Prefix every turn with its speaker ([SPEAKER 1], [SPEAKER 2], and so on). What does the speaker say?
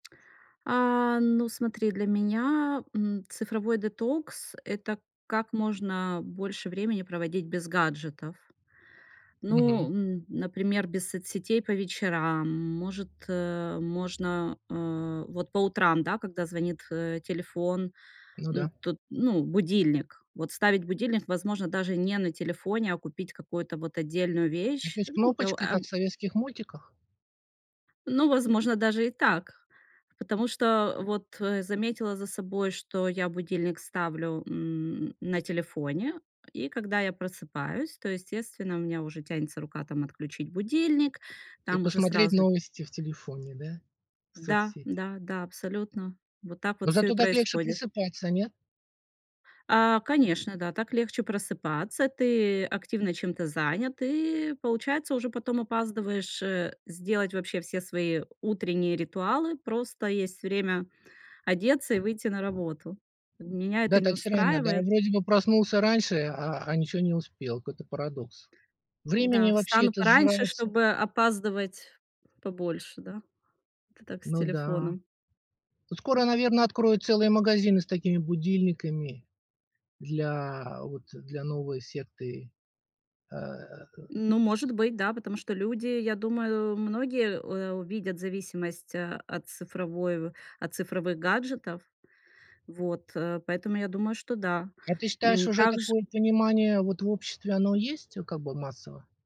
[SPEAKER 1] А, ну смотри, для меня, м, цифровой детокс- это как можно больше времени проводить без гаджетов. Ну,
[SPEAKER 2] Мгм.
[SPEAKER 1] м, например, без соцсетей по вечерам. Может, э, можно, э, вот по утрам, да, когда звонит, э, телефон,
[SPEAKER 2] Ну
[SPEAKER 1] м,
[SPEAKER 2] да.
[SPEAKER 1] тут, ну, будильник. Вот ставить будильник, возможно, даже не на телефоне, а купить какую-то вот отдельную вещь.
[SPEAKER 2] Такой с
[SPEAKER 1] Ну, э,
[SPEAKER 2] кнопочкой,
[SPEAKER 1] а
[SPEAKER 2] как в советских мультиках?
[SPEAKER 1] Ну, возможно, даже и так. Потому что вот, э, заметила за собой, что я будильник ставлю, м, на телефоне, и когда я просыпаюсь, то, естественно, у меня уже тянется рука, там, отключить будильник.
[SPEAKER 2] И
[SPEAKER 1] Там уже
[SPEAKER 2] посмотреть
[SPEAKER 1] сразу
[SPEAKER 2] новости в телефоне, да?
[SPEAKER 1] Да
[SPEAKER 2] Соцсети.
[SPEAKER 1] да да, абсолютно. Вот так
[SPEAKER 2] Но
[SPEAKER 1] вот всё и
[SPEAKER 2] зато так легче
[SPEAKER 1] происходит.
[SPEAKER 2] просыпаться. Нет?
[SPEAKER 1] А, конечно, да. Так легче просыпаться. Ты активно чем-то занят и получается уже потом опаздываешь, э, сделать вообще все свои утренние ритуалы. Просто есть время одеться и выйти на работу. Меня это
[SPEAKER 2] Да,
[SPEAKER 1] не
[SPEAKER 2] так странно, да.
[SPEAKER 1] устраивает.
[SPEAKER 2] Вроде бы проснулся раньше, а, а, ничего не успел. Какой-то парадокс. Времени
[SPEAKER 1] Да,
[SPEAKER 2] вообще
[SPEAKER 1] встану
[SPEAKER 2] это
[SPEAKER 1] пораньше,
[SPEAKER 2] сжирается
[SPEAKER 1] чтобы опаздывать побольше, да. Это так, с
[SPEAKER 2] Ну да.
[SPEAKER 1] телефоном.
[SPEAKER 2] Ну. Скоро, наверно, откроют целые магазины с такими будильниками для, вот, э, для новой секты, а
[SPEAKER 1] Ну, может быть, да. Потому что люди, я думаю, многие, э, увидят зависимость, а, от цифровой в от цифровых гаджетов. Вот, э, поэтому я думаю, что да.
[SPEAKER 2] А ты считаешь,
[SPEAKER 1] М,
[SPEAKER 2] уже
[SPEAKER 1] такж
[SPEAKER 2] такое понимание, вот, в обществе оно есть, э, как бы массово?